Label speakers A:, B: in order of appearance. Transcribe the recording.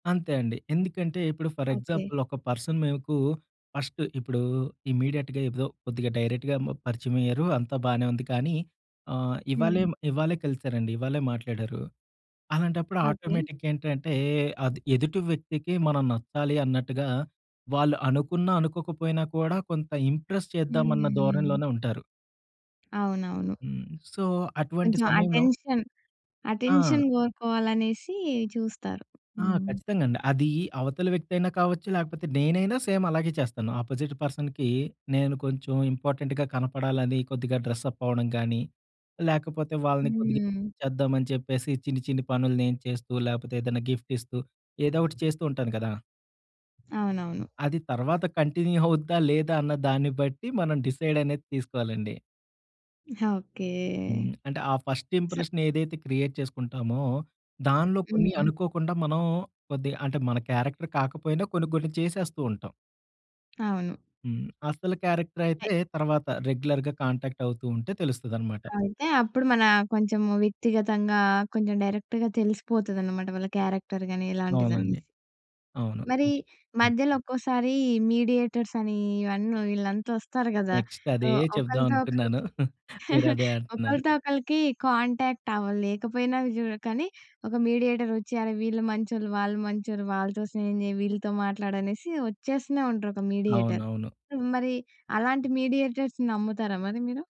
A: అంతే అండి. ఎందుకంటే ఇప్పుడు, ఫర్
B: ఓకే.
A: ఎగ్జాంపుల్ ఒక పర్సన్ మీకు ఫస్ట్ ఇప్పుడు ఇమ్మీడియేట్‌గా ఏదో కొద్దిగా డైరెక్ట్‌గా మ పరిచయం అయ్యారు అంతా బానే ఉంది. కానీ, ఆహ్, ఇవాళే
B: హ్మ్.
A: ఇవాళే కలిసారండి. ఇవ్వాళే మాట్లాడారు. అలాంటప్పుడు
B: ఓకే.
A: ఆటోమేటిక్‌గ ఏంటంటే, అది ఎదుటి వ్యక్తికి మనం నచ్చాలి అన్నట్టుగా వాళ్ళు అనుకున్న అనుకోకపోయినా కూడా, కొంత ఇంప్రెస్
B: హ్మ్.
A: చేద్దామన్న
B: హ్మ్.
A: ధోరణిలోనే ఉంటారు.
B: అవునవును.
A: హ్మ్. సో, అటువంటి
B: కొంచెం
A: సమయంలో
B: అటెన్షన్.
A: ఆ!
B: అటెన్షన్ గోరుకోవాలనేసి చూస్తారు.
A: ఆ!
B: హ్మ్.
A: ఖచ్చితంగండి. అది అవతల వ్యక్తయినా కావచ్చు లేకపోతే నేనైనా సేమ్ అలాగే చేస్తాను. అపోజిట్ పర్సన్‌కి నేను కొంచెం ఇంపార్టెంట్‌గా కనపడాలని కొద్దిగా డ్రెస్సప్ అవ్వడం గానీ, లేకపోతే వాళ్ళని కొద్దిగా
B: హ్మ్.
A: చేద్దామని చెప్పేసి చిన్ని, చిన్ని పనులు నేను చేస్తూ లేపోతే, ఏదైనా గిఫ్ట్ ఇస్తూ ఏదోకటి చేస్తూ ఉంటాను కదా!
B: అవునవును.
A: అది తర్వాత కంటిన్యూ అవుద్దా, లేదా, అన్న దాన్ని బట్టి మనం డిసైడ్ అనేది తీసుకోలండి.
B: ఓకే.
A: హ్మ్. అంటే, ఆ ఫస్ట్ ఇంప్రెషన్ ఏదైతే క్రియేట్ చేసుకుంటామో, దానిలో కొన్ని
B: హ్మ్.
A: అనుకోకుండా మనం కొద్దిగా అంటే మన క్యారెక్టర్ కాకపోయినా కొన్ని, కొన్ని చేసేస్తూ ఉంటాం.
B: అవును.
A: హ్మ్. అసలు క్యారెక్టర్ అయితే, తరువాత రెగ్యులర్‌గా కాంటాక్ట్ అవుతూ ఉంటే తెలుస్తదనమాట.
B: అయితే, అప్పుడు మన కొంచెము వ్యక్తిగతంగా కొంచెం డైరెక్ట్‌గా తెలిసిపోతదనమాట. వాళ్ళ క్యారెక్టర్ గాని ఇలాంటిదనేసి.
A: అవునండి. అవును.
B: మరి
A: ఇది హ్మ్.
B: మధ్యలో ఒక్కోసారీ మీడియేటర్స్ అనీ ఇవన్నీ వీళ్ళంతా వస్తారు గదా!
A: నెక్స్ట్
B: సో,
A: అదే
B: ఒకలితో
A: చెప్దామనుకున్నాను
B: ఒకలికి
A: మీరదే అంటున్నారు.
B: ఒకలితో ఒకలికి కాంటాక్ట్ అవ్వలేకపోయినా అవజూ కానీ, ఒక మీడియేటర్ ఒచ్చి, అరె! వీళ్ళు మంచోళ్ళు, వాళ్ళు మంచోళ్ళు, వాళ్ళతో స్నేహం జేయి, వీళ్ళతో మాట్లాడనేసి వచ్చేస్తూనే ఉంటారు, ఒక మీడియేటర్.
A: అవునవును.
B: సో మరి అలాంటి మీడియేటర్స్‌ని నమ్ముతారా మరి మీరు?